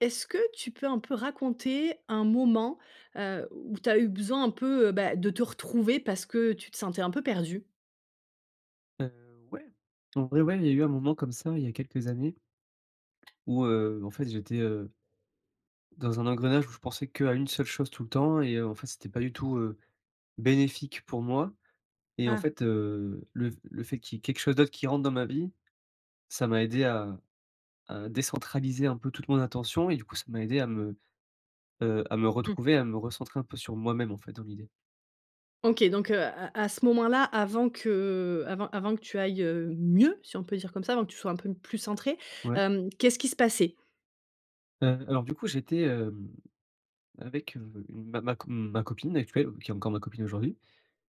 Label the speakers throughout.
Speaker 1: Est-ce que tu peux, un peu, raconter un moment, heu, où tu as eu besoin un peu, heu, bah, de te retrouver parce que tu te sentais un peu perdu?
Speaker 2: Heu, ouais, en vrai, ouais, il y a eu un moment comme ça, il y a quelques années, où, heu, en fait, j'étais heu dans un engrenage où je pensais qu'à une seule chose, tout le temps et heu, en fait, c'était pas du tout, heu, bénéfique pour moi et en
Speaker 1: Ah!
Speaker 2: fait, heu, le f le fait qu'il y ait quelque chose d'autre qui rentre dans ma vie, ça m'a aidé à à décentraliser un peu toute mon attention et du coup ça m'a aidé à me, heu, à me
Speaker 1: Mmh.
Speaker 2: retrouver, à me recentrer un peu sur moi-même, en fait, dans l'idée.
Speaker 1: OK, donc, heu, à à ce moment là avant que avant avant que tu ailles, heu, mieux, si on peut dire comme ça, avant que tu sois un peu plus centré,
Speaker 2: Ouais.
Speaker 1: hem, qu'est-ce qui se passait?
Speaker 2: Heu, alors, du coup, j'étais, hem, avec, heu, une ma ma co ma copine actuelle, qui est encore ma copine aujourd'hui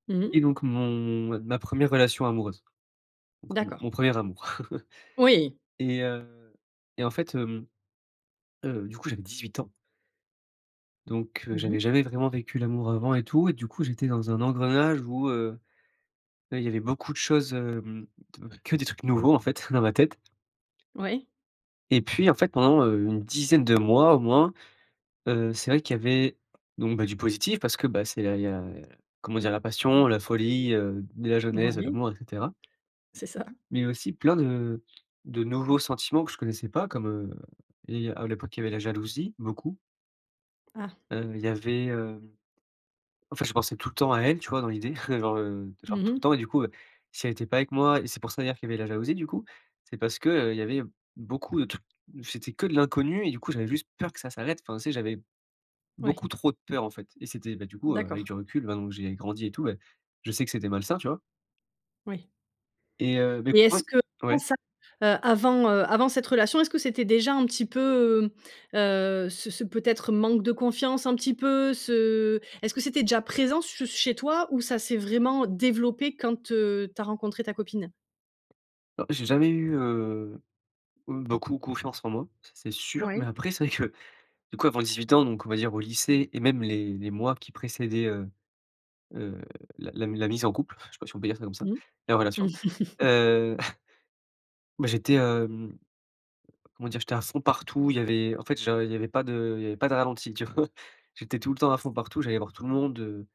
Speaker 1: Mmh mh.
Speaker 2: et donc mon ma ma 1re relation amoureuse. Donc, mon
Speaker 1: D'accord.
Speaker 2: mon 1er amour
Speaker 1: Oui.
Speaker 2: et heu, et en fait, hem, heu, du coup, j'avais 18 ans donc heu,
Speaker 1: Mmh
Speaker 2: j'avais
Speaker 1: mh.
Speaker 2: jamais vraiment vécu l'amour avant et tout, et du coup, j'étais dans un engrenage où, heu, beh, il y avait beaucoup de choses, hem, t que des trucs nouveaux, en fait, dans ma tête
Speaker 1: Ouais.
Speaker 2: et puis, en fait, pendant, heu, une dizaine de mois au moins, heu, c'est vrai qu'il y avait, donc, bah, du positif, parce que, bah, c'est là il y a, heu, comment dire? La passion, la folie, heu, de la jeunesse, de
Speaker 1: Moui.
Speaker 2: l'amour et cetera
Speaker 1: C'est ça.
Speaker 2: mais aussi plein de de nouveaux sentiments que je connaissais pas, comme heu et à l'époque, il y avait la jalousie, beaucoup
Speaker 1: Ah!
Speaker 2: heu, il y avait, heu en fait, je pensais tout le temps à elle, tu vois, dans l'idée genre, heu, genre,
Speaker 1: Mmh
Speaker 2: tout le
Speaker 1: mh.
Speaker 2: temps et du coup, heu, si elle était pas avec moi et c'est pour ça, d'ailleurs, qu'il y avait la jalousie du coup, c'est parce qu'il y avait beaucoup de t c'était que de l'inconnu et du coup j'avais juste peur que ça s'arrête. Enfin, tu sais, j'avais
Speaker 1: Ouais.
Speaker 2: beaucoup trop de peur, en fait et c'était, beh, du coup, heu, avec
Speaker 1: D'accord.
Speaker 2: du recul, maintenant que j'ai grandi et tout, bah, je sais que c'était malsain, tu vois?
Speaker 1: Oui.
Speaker 2: Et heu, beh,
Speaker 1: Et est-ce
Speaker 2: écoute
Speaker 1: que
Speaker 2: ouais
Speaker 1: [unintelligible]
Speaker 2: ouais.
Speaker 1: ça, heu, avant, heu, avant cette relation est-ce que c'était déjà un petit peu, heu, heu, ce ce peut-être manque de confiance un petit peu ce est-ce que c'était déjà présent ce chez toi ou ça s'est vraiment développé quand, heu, tu as rencontré ta copine?
Speaker 2: Ah j'ai jamais eu heu heu, beaucoup confiance en moi. Ça c'est sûr, mais
Speaker 1: Oui.
Speaker 2: après c'est vrai que du coup avant 18 ans donc on va dire au lycée et même les les mois qui précédaient, heu, heu, la la mi la mise en couple, je sais pas si on peut dire ça comme ça,
Speaker 1: Mmh.
Speaker 2: la relation. Heu, bah, j'étais, hem, comment dire? J'étais à fond partout il y avait en fait j'en il y avait pas de il y avait pas de ralenti tu vois? J'étais tout le temps à fond partout, j'allais voir tout le monde, heu,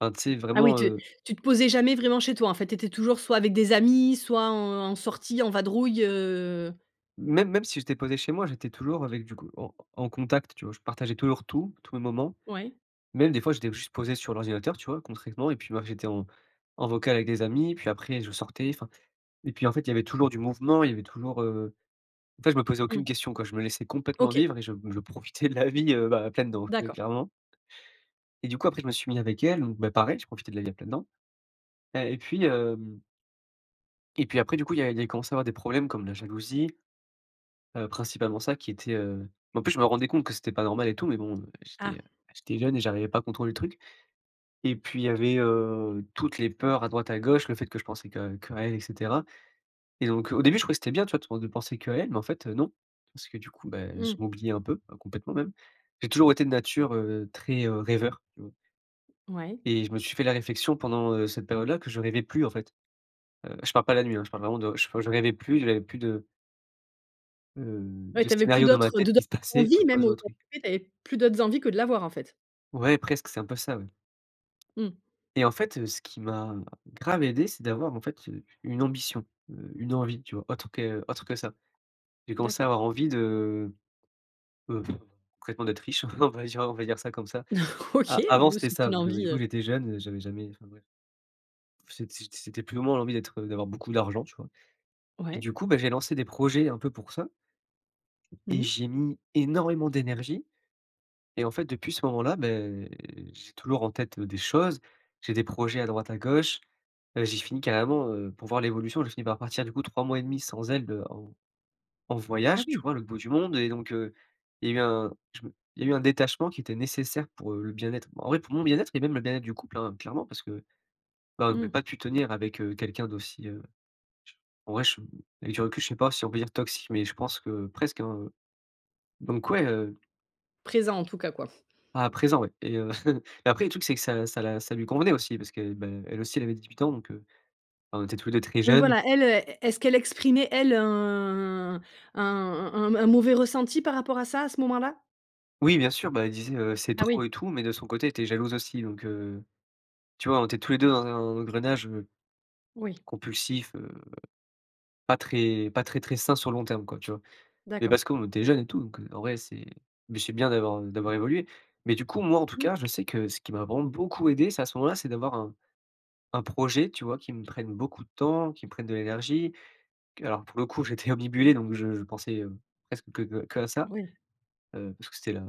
Speaker 2: enfin tu sais
Speaker 1: Ah oui
Speaker 2: vraiment,
Speaker 1: tu
Speaker 2: heu
Speaker 1: tu te posais jamais vraiment chez toi en fait. Tu étais toujours soit avec des amis soit en en sortie, en vadrouille heu
Speaker 2: Même même si j'étais posé chez moi, j'étais toujours avec du coup en en contact, tu vois? Je partageais toujours tout, tous mes moments.
Speaker 1: Ouais.
Speaker 2: Même des fois, j'étais juste posé sur l'ordinateur, tu vois? Concrètement et puis, bah, j'étais en en vocal avec des amis, puis après je sortais enfin et puis en fait il y avait toujours du mouvement, il y avait toujours, heu, en fait je me posais
Speaker 1: Mmh.
Speaker 2: aucune question quoi je me laissais complètement
Speaker 1: OK.
Speaker 2: vivre et je m je profitais de la vie, heu, bah, à pleines dents, ouais
Speaker 1: D'accord.
Speaker 2: clairement et du coup après je me suis mis avec elle, donc, bah, pareil je profitais de la vie à pleines dents et et puis, hem et puis après du coup il y a il y a commencé à avoir des problèmes comme la jalousie. Heu, principalement ça qui était, heu en plus je me rendais compte que c'était pas normal et tout mais bon, heu, j'étais, heu,
Speaker 1: Ah!
Speaker 2: j'étais jeune et j'arrivais pas à contrôler le truc et puis il y avait, heu, toutes les peurs à droite à gauche. Le fait que je pensais que qu'à elle et cetera et donc au début je croyais que c'était bien, tu vois, tout de penser qu'à elle mais en fait, heu, non parce que du coup, bah, je
Speaker 1: Mmh.
Speaker 2: m'oubliais un peu, heu, complètement même. J'ai toujours été de nature, heu, très, heu, rêveur tu vois?
Speaker 1: Ouais.
Speaker 2: Et je me suis fait la réflexion pendant, heu, cette période-là que je rêvais plus en fait. Heu, je parle pas la nuit, hein, je parle vraiment de je fau je rêvais plus, j'avais plus de heu,
Speaker 1: Ouais
Speaker 2: de
Speaker 1: tu avais plus
Speaker 2: scénarios dans ma
Speaker 1: d'autres, heu,
Speaker 2: tête
Speaker 1: de d'en
Speaker 2: qui se passaient,
Speaker 1: d'envie
Speaker 2: enfin, tu vois
Speaker 1: même
Speaker 2: ce genre de truc.
Speaker 1: [unintelligible] tu avais plus d'autres envies que de la voir en fait.
Speaker 2: Ouais, presque, c'est un peu ça, ouais.
Speaker 1: Mmh.
Speaker 2: Et en fait, heu, ce qui m'a grave aidé c'est d'avoir en fait, heu, une ambition. Heu, une envie tu vois? Autre que autre que ça. J'ai commencé à
Speaker 1: D'accord.
Speaker 2: avoir envie de, heu, concrètement d'être riche en vrai j'ira on va dire on va dire ça comme ça.
Speaker 1: OK,
Speaker 2: A avant
Speaker 1: ou
Speaker 2: c'était
Speaker 1: c'est
Speaker 2: ça
Speaker 1: une
Speaker 2: parce que, bah,
Speaker 1: envie,
Speaker 2: du coup
Speaker 1: heu
Speaker 2: j'étais jeune, heu, j'avais jamais enfin bref. C'ét c'ét c'était plus ou moins l'envie d'être, heu, d'avoir beaucoup d'argent tu vois? Et
Speaker 1: Ouais.
Speaker 2: du coup, bah, j'ai lancé des projets un peu pour ça et
Speaker 1: Mmh.
Speaker 2: j'ai mis énormément d'énergie et en fait depuis ce moment-là, beh, j'ai toujours en tête, heu, des choses. J'ai des projets à droite, à gauche. Heu, j'ai fini carrément, heu, pour voir l'évolution j'ai fini par partir du coup 3 mois et demi sans elle, heu, en en
Speaker 1: Ah
Speaker 2: voyage, tu
Speaker 1: oui.
Speaker 2: vois à l'autre bout du monde et donc, heu, il y a eu un je me il y a eu un détachement qui était nécessaire pour, heu, le bien-être. En vrai pour mon bien-être et même le bien-être du couple, hein, clairement parce que, bah, j'aurais
Speaker 1: Mmh.
Speaker 2: pas pu tenir avec, heu, quelqu'un d'aussi, heu, je en vrai je avec du recul je sais pas si on peut dire toxique mais je pense que presque, hein, heu, donc ouais, heu
Speaker 1: Présent en tout cas quoi.
Speaker 2: Ah présent ouais et heu et après le truc c'est que ça ça la ça lui convenait aussi parce que, bah, elle aussi elle avait 18 ans donc, heu, bah, on était tout les 2 très
Speaker 1: Oui
Speaker 2: jeunes.
Speaker 1: voilà elle, heu, est est-ce qu'elle exprimait elle un un un un mauvais ressenti par rapport à ça à ce moment-là?
Speaker 2: Oui bien sûr, bah, elle disait, heu, c'est
Speaker 1: Ah
Speaker 2: trop
Speaker 1: oui.
Speaker 2: et tout, mais de son côté était jalouse aussi donc, heu, tu vois on était tous les 2 dans un engrenage, heu,
Speaker 1: Oui
Speaker 2: compulsif, heu, pas très pas très très sain sur le long terme quoi tu vois? Mais
Speaker 1: D'accord
Speaker 2: parce qu'on était jeunes et tout donc, heu, en vrai c'est, beh, c'est bien d'avoir, heu, d'avoir évolué. Mais du coup moi en tout
Speaker 1: Mmh.
Speaker 2: cas je sais que ce qui m'a vraiment beaucoup aidé c'est- à ce moment-là- c'est d'avoir un un projet tu vois qui me prenne beaucoup de temps, qui me prenne de l'énergie. Alors pour le coup j'étais obnubilé donc je je pensais, heu, presque que que qu'à ça.
Speaker 1: Oui.
Speaker 2: Heu, parce que c'était la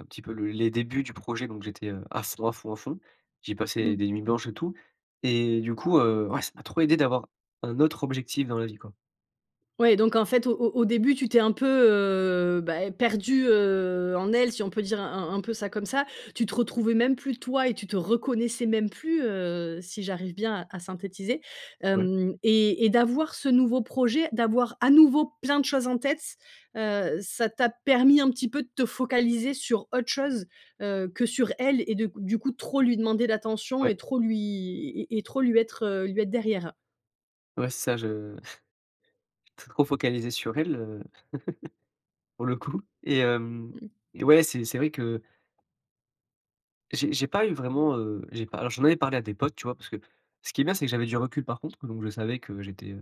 Speaker 2: un petit peu le les débuts du projet donc j'étais, heu, à fond à fond à fond. J'ai passé
Speaker 1: Mmh.
Speaker 2: des nuits blanches et tout et du coup, heu, ouais ça m'a trop aidé d'avoir un autre objectif dans la vie quoi.
Speaker 1: Ouais donc en fait, au au au début tu t'es un peu, heu, bah, perdu, heu, en elle, si on peut dire un un un peu ça comme ça. Tu te retrouvais même plus toi et tu te reconnaissais même plus, heu, si j'arrive bien à à synthétiser,
Speaker 2: Ouais.
Speaker 1: hem, et et d'avoir ce nouveau projet, d'avoir à nouveau plein de choses en tête, heu, ça t'a permis un petit peu de te focaliser sur autre chose, heu, que sur elle et de q du coup trop lui demander d'attention et
Speaker 2: Ouais.
Speaker 1: trop lui et et trop lui être, heu, lui être derrière.
Speaker 2: Ouais, c'est ça, je trop focalisé sur elle, heu, pour le coup, et hem,
Speaker 1: Mmh.
Speaker 2: et ouais, c'est c'est vrai que j'ai j'ai pas eu vraiment, heu, j'ai pas alors j'en avais parlé à des potes, tu vois? Parce que, ce qui est bien, c'est que j'avais du recul par contre, donc je savais que j'étais, heu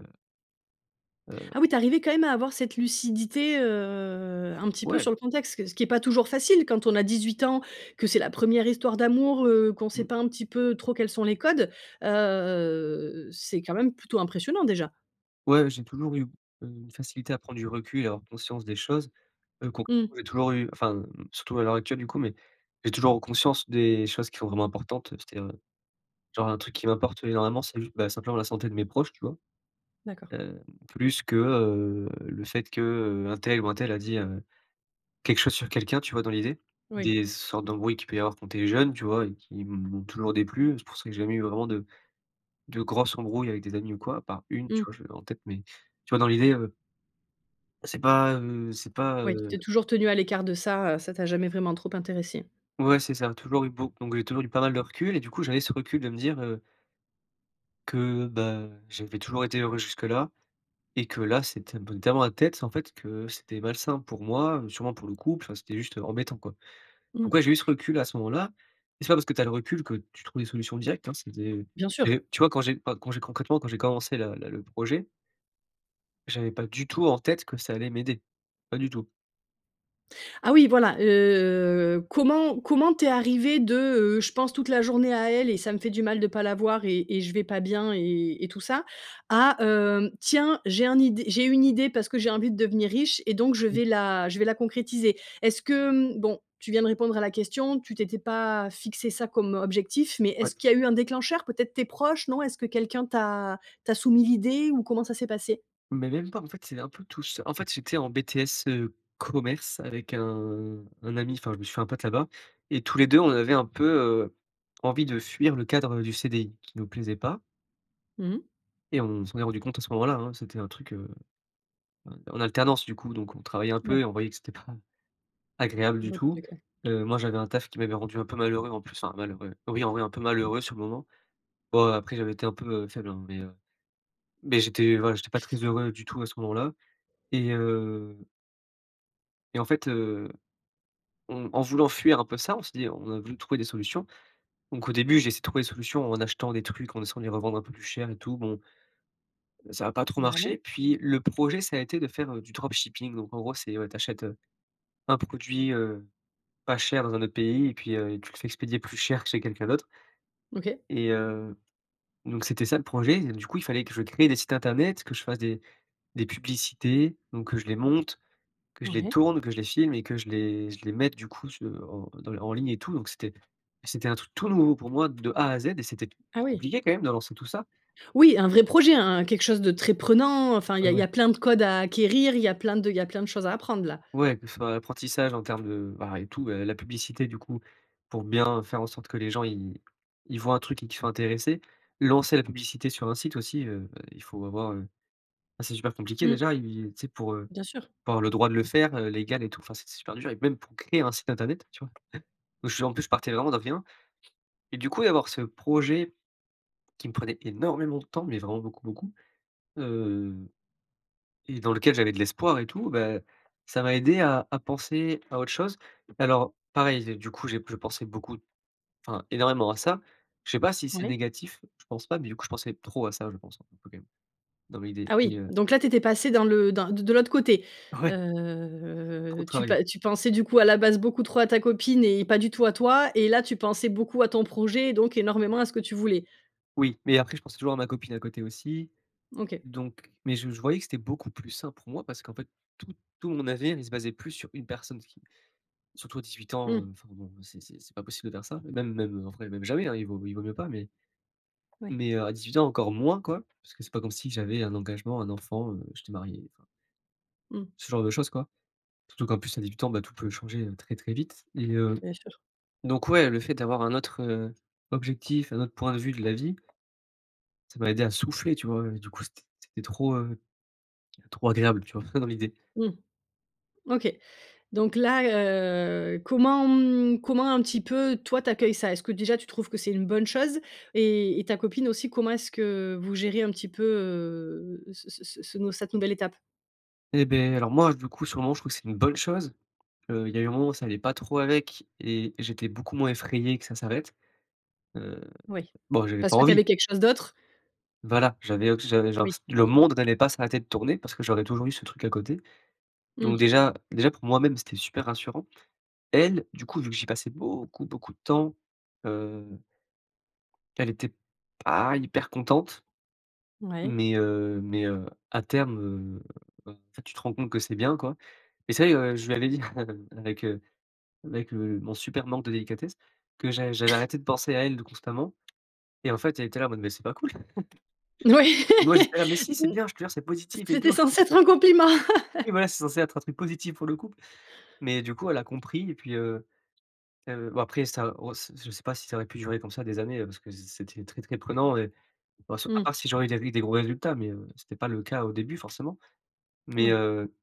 Speaker 2: heu
Speaker 1: Ah oui, tu es arrivé quand même à avoir cette lucidité, heu, un petit peu
Speaker 2: Ouais.
Speaker 1: sur le contexte, que ce qui est pas toujours facile, quand on a 18 ans, que c'est la 1re histoire d'amour, heu, qu'on sait
Speaker 2: Mmh.
Speaker 1: pas un petit peu trop quels sont les codes, heu, c'est quand même plutôt impressionnant déjà!
Speaker 2: Ouais, j'ai toujours eu, heu, une facilité à prendre du recul et avoir conscience des choses, heu,
Speaker 1: Mmh.
Speaker 2: concrètement toujours u enfin, hem, surtout à l'heure actuelle, du coup, mais j'ai toujours conscience des choses qui sont vraiment importantes. C'est-à-dire, heu, genre un truc qui m'importe énormément, c'est ju bah simplement la santé de mes proches, tu vois?
Speaker 1: D'accord.
Speaker 2: Heu, plus que, heu, le fait que, heu, untel ou untel a dit, heu, quelque chose sur quelqu'un, tu vois dans l'idée?
Speaker 1: Oui.
Speaker 2: Des sortes d'embrouilles qu'il peut y avoir quand tu es jeune, tu vois? Et qui m'ont toujours déplu, c'est pour ça que j'ai jamais eu vraiment de de grosse embrouille avec des amis ou quoi, à part une, tu
Speaker 1: Mmh.
Speaker 2: vois? Je l'ai en tête, mais tu vois dans l'idée, heu c'est pas, heu, c'est pas,
Speaker 1: Oui, tu
Speaker 2: heu
Speaker 1: t'es toujours tenu à l'écart de ça, ça t'a jamais vraiment trop intéressé.
Speaker 2: Ouais, c'est ça, toujours eu beau donc toujours eu pas mal de recul, et du coup, j'avais ce recul de me dire, heu que bah j'avais toujours été heureux jusque-là et que là, c'était un peu tellement la tête, en fait, que c'était malsain pour moi, sûrement pour le couple, enfin, c'était juste embêtant quoi, donc
Speaker 1: Mmh.
Speaker 2: ouais, j'ai eu ce recul à ce moment-là et c'est pas parce que tu as le recul que tu trouves des solutions directes, hein, c'est des
Speaker 1: Bien sûr.
Speaker 2: et tu vois quand j'ai pas quand j'ai concrètement quand j'ai commencé la le le projet j'avais pas du tout en-tête que ça allait m'aider. Pas du tout.
Speaker 1: Ah oui, voilà, heu, comment comment tu es arrivé de, heu: «Je pense toute la journée à elle et ça me fait du mal de pas la voir et et je vais pas bien et et tout ça», à hem: «Tiens, j'ai un id j'ai une idée parce que j'ai envie de devenir riche et donc je vais la je vais la concrétiser»? Est-ce que, hem, bon, tu viens répondre à la question. Tu t'étais pas fixé ça comme objectif, mais
Speaker 2: Ouais.
Speaker 1: est-ce
Speaker 2: Ts
Speaker 1: qu'il y a eu un déclencheur? Peut-être tes proches, non? Est-ce que quelqu'un t'a t'a soumis l'idée, ou comment ça s'est passé?
Speaker 2: Mais même pas, en fait, c'est un peu tout c En fait j'étais en BTS, heu, commerce, avec un un ami, enfin, je me suis fait un pote là-bas, et tous les 2, on avait un peu, heu, envie de fuir le cadre, heu, du CDI, qui nous plaisait pas.
Speaker 1: Mmh mh.
Speaker 2: Et on s'en est rendu compte à ce moment-là, hein, c'était un truc, heu, en en alternance, du coup, donc on travaillait un peu
Speaker 1: Ouais.
Speaker 2: et on voyait que c'était pas agréable du
Speaker 1: Bo
Speaker 2: tout.
Speaker 1: c'est clair.
Speaker 2: Heu, moi j'avais un taf qui m'avait rendu un peu malheureux, en plus, enfin, malheureux, oui en vrai, un peu malheureux sur le moment. Bon, après, j'avais été un peu, heu, faible, hein, mais, heu, mais j'étais, voilà, j'étais pas très
Speaker 1: Mm
Speaker 2: heureux du tout à ce moment-là et heu et en fait, heu, en en voulant fuir un peu ça, on s'est dit on a voulu trouver des solutions. Donc au début, j'ai essayé de trouver des solutions en achetant des trucs, en essayant de les revendre un peu plus cher et tout. Bon, ça a pas trop
Speaker 1: Mouais.
Speaker 2: marché. Puis, le projet, ça a été de faire, heu, du dropshipping. Donc en gros, c'est, ouais, tu achètes, heu, un produit, heu, pas cher dans un autre pays et puis, heu, tu le fais expédier plus cher que chez quelqu'un d'autre.
Speaker 1: OK.
Speaker 2: Et heu, donc c'était ça, le projet, et du coup, il fallait que je crée des sites internet, que je fasse des des publicités, donc que je les monte, que je les
Speaker 1: Ouais.
Speaker 2: tourne, que je les filme et que je les je les mette du coup su en dans en ligne et tout. Donc c'était c'était un truc tout nouveau, pour moi, de A à Z et c'était
Speaker 1: Ah oui!
Speaker 2: compliqué, quand même, de lancer tout ça.
Speaker 1: Oui, un vrai projet, un-un quelque chose de très prenant, heu, enfin, il y
Speaker 2: Ouais,
Speaker 1: a il y
Speaker 2: ouais.
Speaker 1: a plein de codes à acquérir, il y a plein de il y a plein de choses à apprendre là.
Speaker 2: Ouais, que ce soit apprentissage, en termes de, ben, eh tout et la publicité, du coup, pour bien, faire en sorte que les gens ils ils voient un truc et qu'ils soient intéressés. Lancer la publicité sur un site aussi, heu, bah, il faut avoir, heu. Ben, c'est super compliqué,
Speaker 1: Mmh.
Speaker 2: déjà, et et tu sais, pour, heu,
Speaker 1: Bien sûr.
Speaker 2: pour avoir le droit de le faire, heu, légal et tout. Enfin, c'est c'est super dur, et même pour créer un site internet, tu vois? Eh! Heu, je en plus, je partais vraiment de rien, et du coup, d'avoir ce projet, qui me prenait énormément de temps mais, vraiment beaucoup, beaucoup, heu, et dans lequel j'avais de l'espoir, et tout, beh, ça m'a aidé à à penser à autre chose. Alors, pareil, j'ai du coup, j'ai je pensais beaucoup, enfin énormément à ça. Je sais pas si c'est
Speaker 1: Ouais.
Speaker 2: négatif. Je pense pas, mais du coup, je pensais trop à ça, je pense, hein, un peu, quand même, dans l'idée
Speaker 1: Ah
Speaker 2: et
Speaker 1: oui,
Speaker 2: heu
Speaker 1: donc là tu étais passé dans le dans de de l'autre côté.
Speaker 2: Ouais. Trop de
Speaker 1: Heu, tu
Speaker 2: travail.
Speaker 1: pa tu pensais, du coup, à la base, beaucoup trop à ta copine et pas du tout à toi, et là, tu pensais beaucoup à ton projet et donc énormément à ce que tu voulais.
Speaker 2: Oui, mais après, je pensais toujours à ma copine, à côté, aussi,
Speaker 1: OK.
Speaker 2: donc mais je je voyais que c'était beaucoup plus sain pour moi parce qu'en fait, tout tout mon avenir, il se basait plus sur 1 personne, ce qui surtout à 18 ans, heu,
Speaker 1: Mmh.
Speaker 2: enfin, bon, c'est c'est c'est pas possible de faire ça, même même, en vrai, même jamais, hein, il vaut il vaut mieux pas, mais
Speaker 1: Oui.
Speaker 2: mais, heu, à 18 ans, encore moins quoi, parce que c'est pas comme si j'avais un engagement, un enfant, heu, que j'étais marié, enfin
Speaker 1: Mmh.
Speaker 2: ce genre de choses, quoi. Surtout qu'en plus, à 18 ans, bah, tout peut changer, heu, très très vite. Et heu,
Speaker 1: Bien sûr.
Speaker 2: donc ouais, le fait d'avoir un autre, heu, objectif, un autre point de vue de la vie, ça m'a aidé à souffler, tu vois, et du coup, c'était c'était trop, heu, trop agréable, tu vois, dans l'idée.
Speaker 1: Mmh. OK, donc là, heu, comment, mmh, comment un petit peu, toi, tu accueilles ça? Est-ce que déjà tu trouves que c'est une bonne chose et et ta copine aussi, comment est-ce que vous gérez un petit peu, heu, ce ce ce ce ce cette nouvelle étape?
Speaker 2: Eh beh, alors, moi, du coup, sur le moment, je trouve que c'est une bonne chose. Heu, il y a eu un moment où ça allait pas trop avec et j'étais beaucoup moins effrayé que ça s'arrête. Heu,
Speaker 1: Oui.
Speaker 2: bon, j'avais
Speaker 1: Parce
Speaker 2: pas
Speaker 1: que tu
Speaker 2: envie.
Speaker 1: avais quelque chose d'autre?
Speaker 2: Voilà, j'avais auss j'avais genre
Speaker 1: Oui.
Speaker 2: s le monde n'allait pas s'arrêter de tourner parce que j'aurais toujours eu ce truc à côté. Donc
Speaker 1: Mmh.
Speaker 2: déjà déjà, pour moi-même, c'était super rassurant. Elle, du coup, vu que j'y passais beaucoup beaucoup de temps, heu elle était pas hyper contente.
Speaker 1: Ouais.
Speaker 2: Mais heu, mais heu, à terme, heu, enfin, en fait, tu te rends compte que c'est bien, quoi, et ça y est, heu, je lui avais dit avec, heu, avec, heu, mon super manque de délicatesse, que j'a j'avais arrêté de penser à elle de constamment et en fait, elle était là, en mode: «Mais c'est pas cool».
Speaker 1: Ouais.
Speaker 2: Et moi, j'étais là: «Mais si c'est
Speaker 1: Mmh,
Speaker 2: bien, je te jure, c'est positif et
Speaker 1: c'était
Speaker 2: tout».
Speaker 1: censé être un compliment.
Speaker 2: Oui, voilà, c'est censé être un truc positif pour le couple, mais du coup, elle a compris, et puis, heu heu, bon, après ça, on s je sais pas si ça aurait pu durer comme ça, des années, heu, parce que c'est c'était très très prenant et bon, c à
Speaker 1: Mmh.
Speaker 2: part si j'aurais eu des ri des gros résultats mais heu, c'était pas le cas au début, forcément. Mais
Speaker 1: Ouais.
Speaker 2: heu,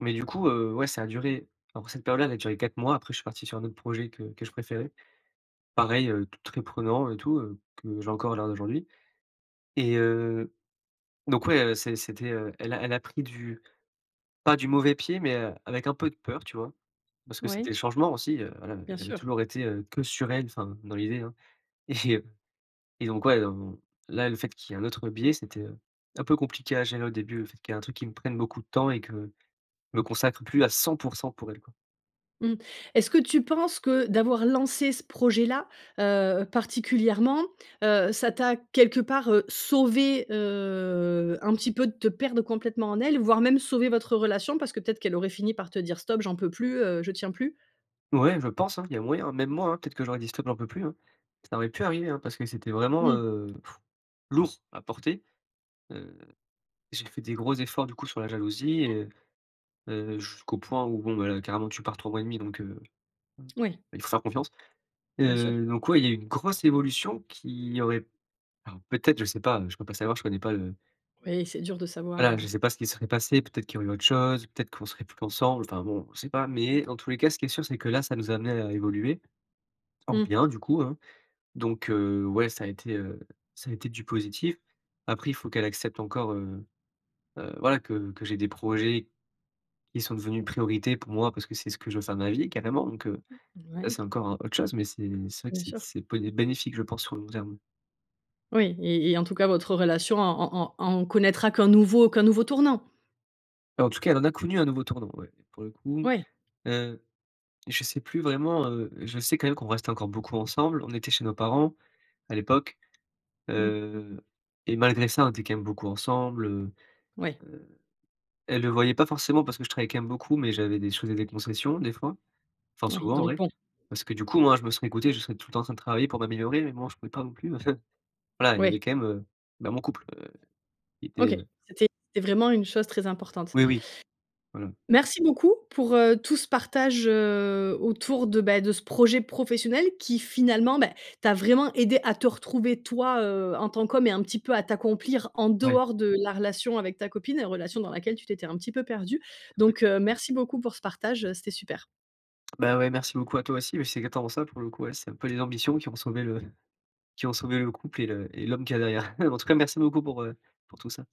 Speaker 2: mais du coup, heu, ouais, ça a duré. Alors, cette période-là, elle a duré 4 mois. Après, je suis parti sur un autre projet que que je préférais. Pareil, heu, t très prenant et tout, heu, que j'ai encore à l'heure d'aujourd'hui. Et heu, donc, ouais, heu, c'est c'était, heu, elle l'a elle l'a pris du pas du mauvais pied, mais, heu, avec un peu de peur, tu vois, parce que c'était le
Speaker 1: Oui.
Speaker 2: changement aussi. Heu, voilà,
Speaker 1: Bien
Speaker 2: j'avais
Speaker 1: sûr.
Speaker 2: toujours été, heu, que sur elle enfin dans l'idée, hein, et heu, et donc ouais, on là, le fait qu'il y ait un autre biais, c'était, heu, un peu compliqué à gérer au début, le fait qu'il y ait un truc qui me prenne beaucoup de temps et que je me consacre plus à 100 % pour elle, quoi.
Speaker 1: Mmh. Est-ce que tu penses que, d'avoir lancé ce projet-là, heu, particulièrement, heu, ça t'a, quelque part, heu, sauvé, heu, un petit peu, de te perdre complètement en elle, voire même sauvé votre relation parce que peut-être qu'elle aurait fini par te dire: «Stop, j'en peux plus, heu, je tiens plus».
Speaker 2: Ouais, je pense, hein, il y a moyen. Même moi, hein, peut-être que j'aurais dit: «Stop, j'en peux plus», hein. Ça aurait pu arriver, hein, parce que c'était vraiment,
Speaker 1: Mmh.
Speaker 2: heu, pff lourd s à porter, heu, j'ai fait des gros efforts du coup sur la jalousie et heu heu, jusqu'au point où, bon, bah, là, carrément tu pars 3 mois et 1/2 donc, heu,
Speaker 1: Oui.
Speaker 2: il faut faire confiance et
Speaker 1: Bien sûr.
Speaker 2: heu, donc, ouais, il y a une grosse évolution qui aurait, alors, peut-être je sais pas, heu, je peux pas savoir, je connais pas le
Speaker 1: Oui, c'est dur de savoir,
Speaker 2: voilà, je
Speaker 1: heu
Speaker 2: sais pas ce qu'il se serait passé, peut-être qu'il y aurait eu autre chose, peut-être qu'on serait plus ensemble, enfin bon, on sait pas, mais dans tous les cas, ce qui est sûr, c'est que là, ça nous a amenés à évoluer, en
Speaker 1: Mmh.
Speaker 2: bien du coup, hein. Donc, heu, ouais, ça a été, heu ça a été du positif. Après il faut qu'elle accepte encore, heu heu, voilà, que que j'ai des projets qui sont devenus une priorité pour moi, parce que c'est ce que je veux faire de ma vie carrément. Donc, heu,
Speaker 1: M
Speaker 2: là,
Speaker 1: ouais.
Speaker 2: c'est encore, heu, autre chose mais c'est c'est vrai que
Speaker 1: Bien
Speaker 2: c'est
Speaker 1: sûr.
Speaker 2: c'est po et bénéfique je pense sur le long terme.
Speaker 1: Oui et et en tout cas, votre relation en en en en connaîtra qu'un nouveau qu'un nouveau tournant.
Speaker 2: Bah, en tout cas, elle en a connu, un nouveau tournant, ouais, pour le coup.
Speaker 1: Ouais.
Speaker 2: Heu, je sais plus vraiment, heu, je sais quand même qu'on reste encore beaucoup ensemble, on était chez nos parents à l'époque,
Speaker 1: Mmh.
Speaker 2: heu, et malgré ça, on était quand même beaucoup ensemble, heu,
Speaker 1: Oui.
Speaker 2: heu, elle le voyait pas forcément parce que je travaille quand même beaucoup, mais j'avais je faisais des concessions, des fois, enfin
Speaker 1: Oui,
Speaker 2: souvent, en
Speaker 1: donc
Speaker 2: vrai.
Speaker 1: bon.
Speaker 2: Parce que, du coup, moi, je me serais écouté, je serais tout le temps en train de travailler pour m'améliorer mais bon, je pouvais pas non plus voilà, il y
Speaker 1: Oui.
Speaker 2: avait quand même, heu, bah, mon couple heu, qui était,
Speaker 1: OK,
Speaker 2: heu.
Speaker 1: c'était c'était vraiment une chose très importante.
Speaker 2: Oui, oui, voilà.
Speaker 1: Merci beaucoup pour, heu, tout ce partage, heu, autour de, bah, de ce projet professionnel, qui finalement, bah, t'a vraiment aidé à te retrouver toi, heu, en tant qu'homme et un petit peu à t'accomplir en
Speaker 2: Ouais.
Speaker 1: dehors de la relation avec ta copine, la relation dans laquelle tu t'étais un petit peu perdu.
Speaker 2: [unintelligible]
Speaker 1: Donc heu, merci beaucoup pour ce partage, heu, c'était super.
Speaker 2: Bah, ouais, merci beaucoup à toi aussi, mais c'est exactement ça, pour le coup, ouais. C'est un peu les ambitions qui ont sauvé le qui ont sauvé le couple et le et l'homme qu'il y a derrière. En tout cas, merci beaucoup pour heu, pour tout ça.